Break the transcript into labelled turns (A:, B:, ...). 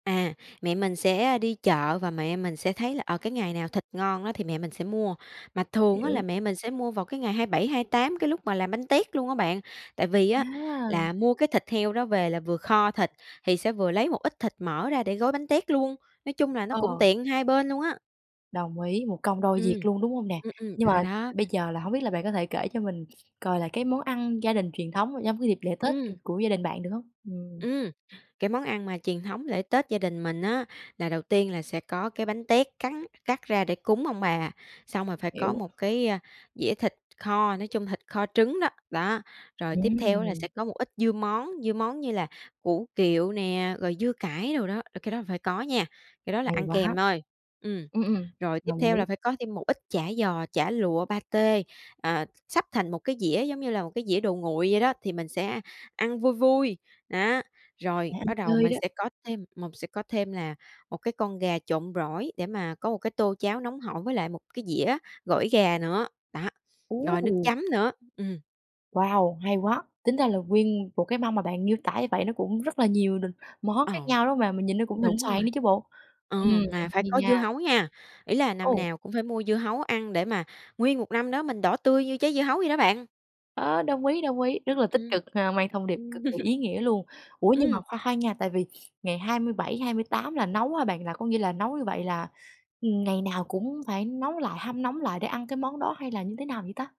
A: À, mẹ mình sẽ đi chợ và mẹ mình sẽ thấy là, ờ, cái ngày nào thịt ngon á thì mẹ mình sẽ mua, mà thường á là
B: Hiểu.
A: mẹ mình sẽ mua vào cái ngày 27, 28 cái lúc mà làm bánh tét luôn á bạn. Tại vì á,
B: À.
A: là mua cái thịt heo đó về là vừa kho thịt, thì sẽ vừa lấy một ít thịt mỡ ra để gói bánh tét luôn, nói chung là, nó cũng
B: Ờ.
A: tiện hai bên luôn á.
B: Đồng ý, một công đôi việc
A: Ừm,
B: luôn, đúng hông nè?
A: ừm, ừm,
B: Nhưng
A: đó,
B: mà
A: đó.
B: bây giờ là hổng biết là bạn có thể kể cho mình, coi lại cái món ăn gia đình truyền thống trong cái dịp lễ Tết, kiểu,
A: Ừm.
B: của gia đình bạn, được hông? Ừm.
A: Ừm, cái món ăn mà truyền thống lễ Tết gia đình mình á, là đầu tiên là sẽ có cái bánh tét cắn cắt ra để cúng ông bà, xong rồi phải có
B: Hiểu.
A: một cái, a, dĩa thịt kho, nói chung, thịt kho trứng đó, đó. Rồi tiếp theo á là
B: Ừm.
A: sẽ có một ít dưa món, dưa món như là củ kiệu nè, rồi dưa cải đồ đó, ờ, cái đó phải có nha, cái đó là
B: Hay
A: ăn
B: quá!
A: kèm thôi, ừm.
B: Ừm, ừm,
A: Rồi tiếp
B: đồng
A: theo là
B: ý.
A: phải có thêm một ít chả giò, chả lụa, pa tê, à, s sắp thành một cái dĩa giống như là một cái dĩa đồ nguội vậy đó, thì mình sẽ ăn vui vui, đó.
B: Để
A: Rồi
B: ăn
A: bắt đầu
B: chơi
A: mình
B: đó.
A: sẽ có thêm mồng sẽ có thêm là một cái con gà trộn gỏi để mà có một cái tô cháo nóng hổi với lại một cái dĩa gỏi gà nữa, đó,
B: Ú,
A: rồi nước
B: ù.
A: chấm nữa, ừm.
B: Wow, hay quá! Tính ra là nguyên một cái mâm mà bạn miêu tả như vậy nó cũng rất là nhiều n món khác
A: Ờ.
B: nhau, đúng hông bạn? Mình nhìn nó cũng thịnh
A: Đúng
B: soạn
A: rồi.
B: nữa chứ bộ.
A: Ờ,
B: Ừm,
A: mà phải
B: hay
A: có dưa
B: nha.
A: hấu nha, ý là năm
B: Ồ.
A: nào cũng phải mua dưa hấu ăn để mà nguyên một năm đó mình đỏ tươi như trái dưa hấu vậy đó bạn.
B: Ơ, đồng ý, đồng ý, rất là tích
A: Ừm.
B: cực, ờ, mang thông điệp
A: Ừm.
B: cực kỳ ý nghĩa luôn. Ủa, nhưng mà
A: Ừm!
B: khoan khoan nha, tại vì ngày 27, 28 là nấu hả bạn? Là có nghĩa là nấu như vậy là, ừ, ngày nào cũng phải nấu lại, hâm nóng lại để ăn cái món đó hay là như thế nào vậy ta?